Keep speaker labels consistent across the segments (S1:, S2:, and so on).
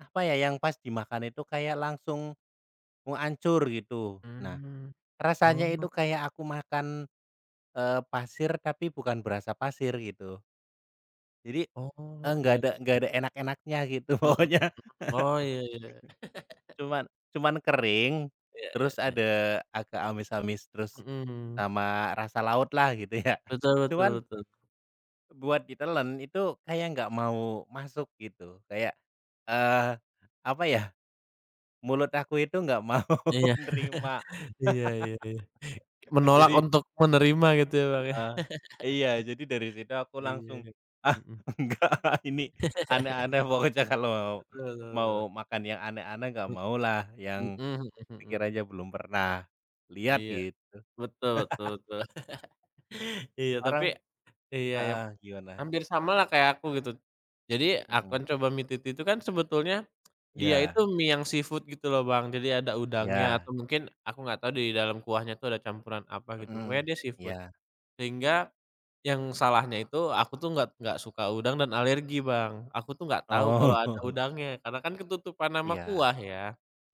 S1: Apa ya, yang pas dimakan itu kayak langsung mau hancur, gitu. Nah,
S2: Mhm.
S1: rasanya
S2: Oh.
S1: itu kayak aku makan, eee, pasir, tapi bukan berasa pasir, gitu. Jadi, eee,
S2: Oh,
S1: enggak
S2: iya
S1: ada
S2: iya
S1: nggak
S2: iya.
S1: ada enak-enaknya, gitu,
S2: Mhm.
S1: pokoknya.
S2: Oh, iya iya iya.
S1: Cuman cuma kering,
S2: Iya iya
S1: terus
S2: e
S1: ada agak amis-amis, terus
S2: Mhm.
S1: sama rasa laut lah, gitu, ya,
S2: Betul, betul,
S1: cuman
S2: betul.
S1: Buat ditelen, itu kayak nggak mau masuk gitu, kayak, eee, apa ya, mulut aku itu nggak mau
S2: Iya.
S1: nerima.
S2: Iya iya iya. Menolak
S1: Jadi
S2: untuk menerima gitu ya, Bang.
S1: Heeh, iya. Jadi dari situ aku
S2: Iya,
S1: langsung,
S2: ya.
S1: ah,
S2: Mhm
S1: enggak ah ini, aneh-aneh, pokoknya kalau mau
S2: Betul betul
S1: mau
S2: betul.
S1: makan yang aneh-aneh nggak
S2: Mmm.
S1: mau lah, yang
S2: Mhm mhm
S1: pikir
S2: mhm.
S1: aja belum pernah lihat,
S2: Iya,
S1: gitu.
S2: betul betul betul. Iya tapi
S1: Orang
S2: iya ya.
S1: heeh, gimana?
S2: Hampir sama lah kayak aku, gitu. Jadi aku
S1: Mhm.
S2: kan coba mie titi itu kan, sebetulnya dia itu
S1: Ya.
S2: mie yang seafood gitu loh, Bang. Jadi, ada udangnya
S1: Ya.
S2: atau mungkin aku nggak tahu di dalam kuahnya itu ada campuran apa, gitu. Pokoknya
S1: Mhm,
S2: dia seafood.
S1: ya.
S2: Sehingga, yang salahnya itu aku tuh nggak nggak suka udang dan alergi, Bang. Aku tuh nggak tahu kalau
S1: Oh.
S2: ada udangnya, karena kan ketutupan sama
S1: Iya.
S2: kuah, ya.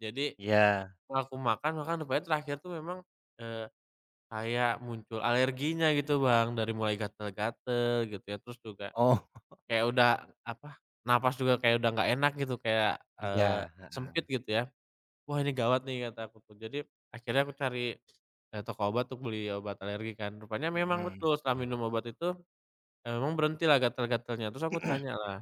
S2: Jadi
S1: Iya.
S2: setelah aku makan makan rupanya terakhir tuh memang, eee, kayak muncul alerginya gitu
S1: Mhm.
S2: Bang. Dari mulai gatal-gatal gitu ya, terus juga
S1: Oh.
S2: kayak udah, apa, napas juga kayak udah nggak enak gitu kayak, eee,
S1: Iya,
S2: sempit,
S1: heeh.
S2: gitu, ya. "Wah, ini gawat, nih", kata aku tuh. Jadi, akhirnya aku cari, eee, toko obat, untuk beli obat alergi kan. Rupanya memang
S1: Mhm,
S2: betul setelah
S1: ya.
S2: minum obat itu, eee, memang berhentilah gatal-gatalnya. Terus aku tanya lah.